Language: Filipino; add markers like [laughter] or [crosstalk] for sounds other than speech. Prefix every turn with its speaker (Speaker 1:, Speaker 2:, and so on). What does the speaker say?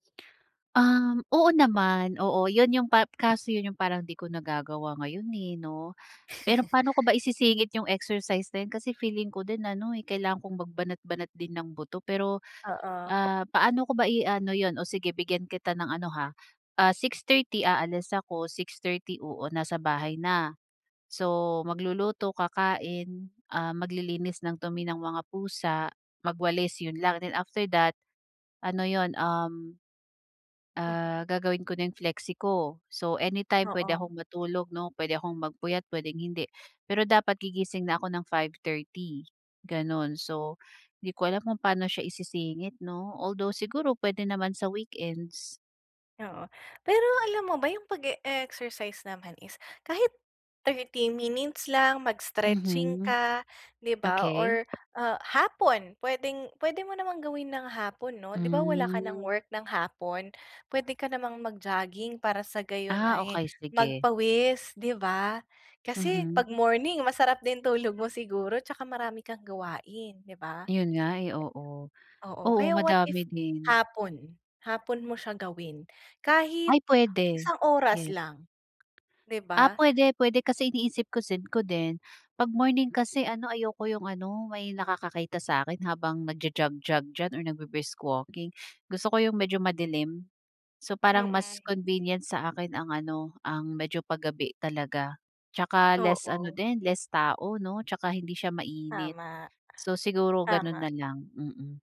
Speaker 1: Um, oo naman. Oo, yun yung pa kaso yun yung parang 'di ko nagagawa ngayon, eh, 'no? Pero
Speaker 2: [chuckles]
Speaker 1: paano ko ba isisingit yung exercise din kasi feeling ko din ano eh kailangan kong magbanat-banat din ng buto. Pero,
Speaker 2: Oo.
Speaker 1: ah, paano ko ba i-ano yun, oh, sige bigyan kita ng ano ha, ah, 6:30 aalis ako, 6:30, oo, nasa bahay na. So, magluluto, kakain, ah, maglilinis ng dumi ng mga pusa, magwalis 'yon lang, then after that, ano yun, um, ah,
Speaker 2: Mhm.
Speaker 1: gagawin ko na yung flexie ko. So, anytime puwede
Speaker 2: Oo.
Speaker 1: akong matulog, 'no, puwede akong magpuyat, puwedeng hindi. Pero dapat gigising na ko ng 5:30, ganun. So, 'di ko alam kung paano siya isisingit, 'no, although siguro puwede naman sa weekends.
Speaker 2: Oo. Pero alam mo ba yung pag-e-exercise naman is kahit 30 minutes lang, mag-stretching
Speaker 1: Mhm.
Speaker 2: ka, 'di ba,
Speaker 1: Okey.
Speaker 2: or, ah, hapon puwedeng-puwede mo namang gawin ng hapon, 'no? 'Di ba, wala ka ng
Speaker 1: Hmm.
Speaker 2: work ng hapon? Puwede ka namang mag-jogging para sa gayon
Speaker 1: Ah,
Speaker 2: ay
Speaker 1: okey sige.
Speaker 2: magpawis, 'di ba? Kasi
Speaker 1: Mhm.
Speaker 2: 'pag morning masarap din tulog mo siguro tsaka marami kang gawain, 'di ba?
Speaker 1: Yun nga, eh, oo.
Speaker 2: Oo,
Speaker 1: Oo,
Speaker 2: kaya what
Speaker 1: madami
Speaker 2: if
Speaker 1: din.
Speaker 2: hapon, hapon mo siya gawin.
Speaker 1: Ay,
Speaker 2: Kahit
Speaker 1: puwede.
Speaker 2: isang oras
Speaker 1: Yes.
Speaker 2: lang, di
Speaker 1: Ah,
Speaker 2: ba?
Speaker 1: puwede. Puwede, kasi iniisip-isip ko din, 'pag morning kasi ano, ayoko yung ano, may nakakakita sa'kin habang nagja-jog-jog diyan or nagbri-brisk walking. Gusto ko yung medyo madilim. So, parang mas
Speaker 2: Mm.
Speaker 1: convenient sa akin ang ano, ang medyo pagabi talaga tsaka less ano
Speaker 2: Oo.
Speaker 1: din, less tao, 'no, tsaka hindi siya mainit.
Speaker 2: Tama.
Speaker 1: So, siguro ganun
Speaker 2: Tama.
Speaker 1: na lang, mm.